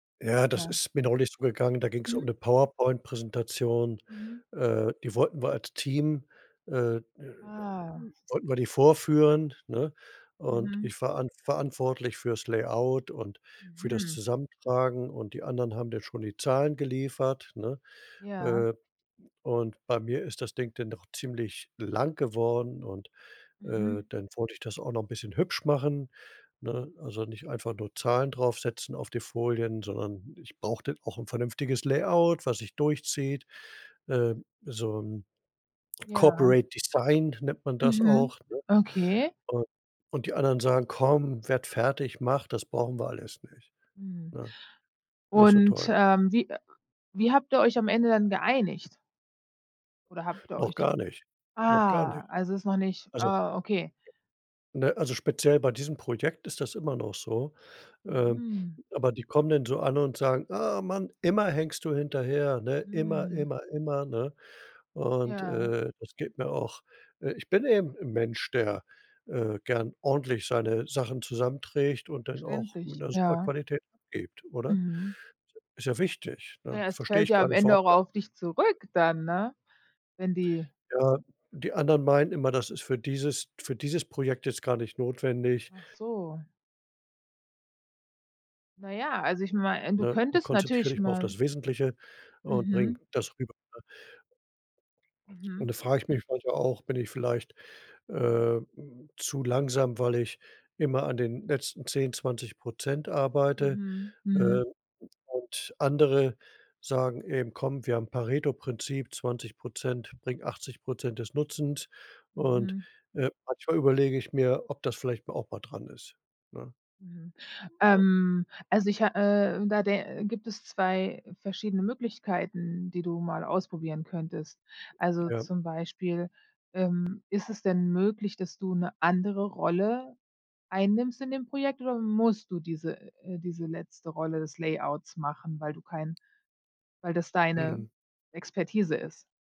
Ja, das Ja. ist mir neulich so gegangen, da ging's um Mhm. 'ne Powerpoint-Präsentation, Mhm. äh, die wollten wir als Team äh, äh, Ah. wollten wir die vorführen, ne, und Mhm. ich war an verantwortlich für's Layout und für das Mhm. Zusammentragen und die anderen haben dann schon die Zahlen geliefert, ne? Ja. Äh, und bei mir ist das Ding dann doch ziemlich lang geworden und, äh, Mhm. dann wollte ich das auch noch 'n bisschen hübsch machen, ne? Also, nicht einfach nur Zahlen draufsetzen auf die Folien, sondern ich brauchte auch 'n vernünftiges Layout, was sich durchzieht, ähm, so 'n Ja. Corporate Design nennt man das Mhm, auch, ne? okay. Und und die anderen sagen: „Komm, werd fertig, mach, das brauchen wir alles nicht.“ Mhm, Ne, nicht so und, toll. ähm, wie, äh wie habt ihr euch am Ende dann geeinigt? Oder habt ihr Noch euch gar nicht, noch gar ah, nicht. also, ist noch nicht Also ah, okay. Ne, also, speziell bei diesem Projekt ist das immer noch so. Ähm, Mhm. aber die kommen dann so an und sagen: „Ah, Mann, immer hängst du hinterher, ne, immer, Hm. immer, immer, ne?“ Und Ja. äh, das geht mir auch Äh, ich bin eben 'n Mensch, der, äh, gern ordentlich seine Sachen zusammenträgt und dann auch mit Verständlich, 'ner super ja. Qualität abgibt, oder? Mhm. Ist ja wichtig, ne? Ja, es Verstehe fällt ich ja gar am nicht, Ende warum auch die a auf dich zurück dann, ne? Wenn die Ja, die anderen meinen immer, das ist für dieses für dieses Projekt jetzt gar nicht notwendig. Ach so. Na ja, also, ich mei du „Ne, könntest konzentrier natürlich dich mal auf mal das Wesentliche und bring Mhm. das rüber.“ Ne? Und Mhm. da frage ich mich manchmal auch: „Bin ich vielleicht, ähm, zu langsam, weil ich immer an den letzten 10, 20 % arbeite?“ Mhm, mhm. Ähm, und andere sagen eben: „Komm, wir haben Pareto-Prinzip, 20 % bringt 80 % des Nutzens.“ und, Mhm. äh, manchmal überlege ich mir, ob das vielleicht mal auch mal dran ist, ne? Mhm, ähm, also, ich ha äh, da der gibt es 2 verschiedene Möglichkeiten, die du mal ausprobieren könntest. Also, Ja. zum Beispiel, ähm, ist es denn möglich, dass du 'ne andere Rolle einnimmst in dem Projekt, oder musst du diese äh, diese letzte Rolle des Layouts machen, weil du kein weil das deine Mhm. Expertise ist?